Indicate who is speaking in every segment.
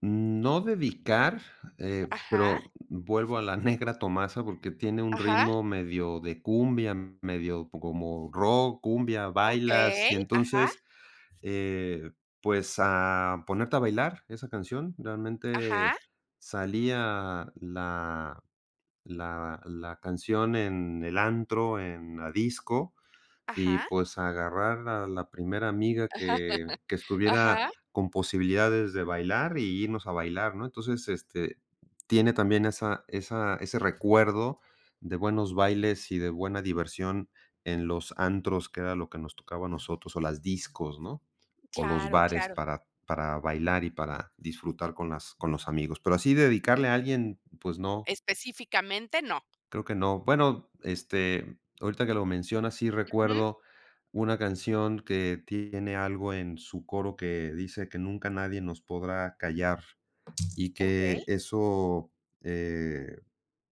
Speaker 1: No dedicar, eh,
Speaker 2: Ajá.
Speaker 1: pero vuelvo a la negra Tomasa, porque tiene un
Speaker 2: Ajá.
Speaker 1: ritmo medio de cumbia, medio como rock, cumbia, bailas, y
Speaker 2: Okey, ajá.
Speaker 1: entonces, eh, pues, a ponerte a bailar esa canción, realmente
Speaker 2: Ajá.
Speaker 1: salía la la la canción en el antro, en la disco, y
Speaker 2: Ajá.
Speaker 1: pues, agarrar a la primera amiga que que estuviera
Speaker 2: Ajá.
Speaker 1: con posibilidades de bailar, y irnos a bailar, ¿no? Entonces, este, tiene también esa esa ese recuerdo de buenos bailes y de buena diversión en los antros, que era lo que nos tocaba a nosotros, o las discos, ¿no?, o los
Speaker 2: Claro
Speaker 1: bares
Speaker 2: claro.
Speaker 1: para para bailar, y para disfrutar con las con los amigos, pero así dedicarle a alguien, pues, no
Speaker 2: Específicamente, no.
Speaker 1: creo que no bueno, este, ahorita que lo mencionas sí
Speaker 2: Ujú.
Speaker 1: recuerdo una canción que tiene algo en su coro que dice: "Que nunca nadie nos podrá callar", y que
Speaker 2: Okey.
Speaker 1: eso, eh,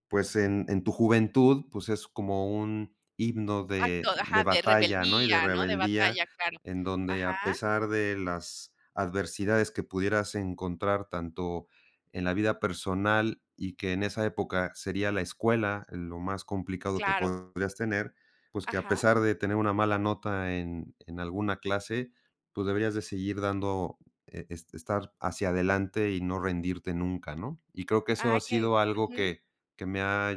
Speaker 1: pues, en en tu juventud, pues, es como un himno de
Speaker 2: Acto,
Speaker 1: de
Speaker 2: ajá, de
Speaker 1: batalla, ¿no?, y de
Speaker 2: rebeldía, ¿no?, de
Speaker 1: rebeldía,
Speaker 2: batalla, claro,
Speaker 1: en donde a
Speaker 2: ajá.
Speaker 1: pesar de las adversidades que pudieras encontrar tanto en la vida personal, y que en esa época sería la escuela lo más complicado que
Speaker 2: Claro.
Speaker 1: podrías tener, pues, que a
Speaker 2: Ajá.
Speaker 1: pesar de tener una mala nota en en alguna clase, tú deberías de seguir dando estar hacia adelante y no rendirte nunca, ¿no? Y creo que eso
Speaker 2: Ah,
Speaker 1: ha
Speaker 2: okey,
Speaker 1: sido algo
Speaker 2: ujú.
Speaker 1: que que me ha,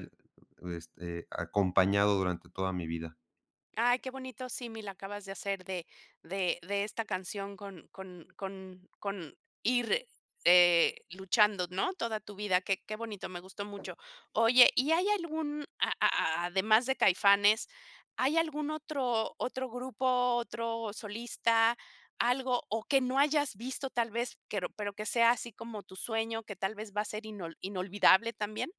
Speaker 1: este, acompañado durante toda mi vida.
Speaker 2: Ay, qué bonito, símil acabas de hacer de de de esta canción con con con con ir, eh, luchando, ¿no?, toda tu vida, qué qué bonito, me gustó mucho. Oye, ¿y hay algún, a a además de Caifanes, hay algún otro otro grupo, otro solista, algo o que no hayas visto tal vez, pero pero que sea así como tu sueño, que tal vez va a ser inol inolvidable también?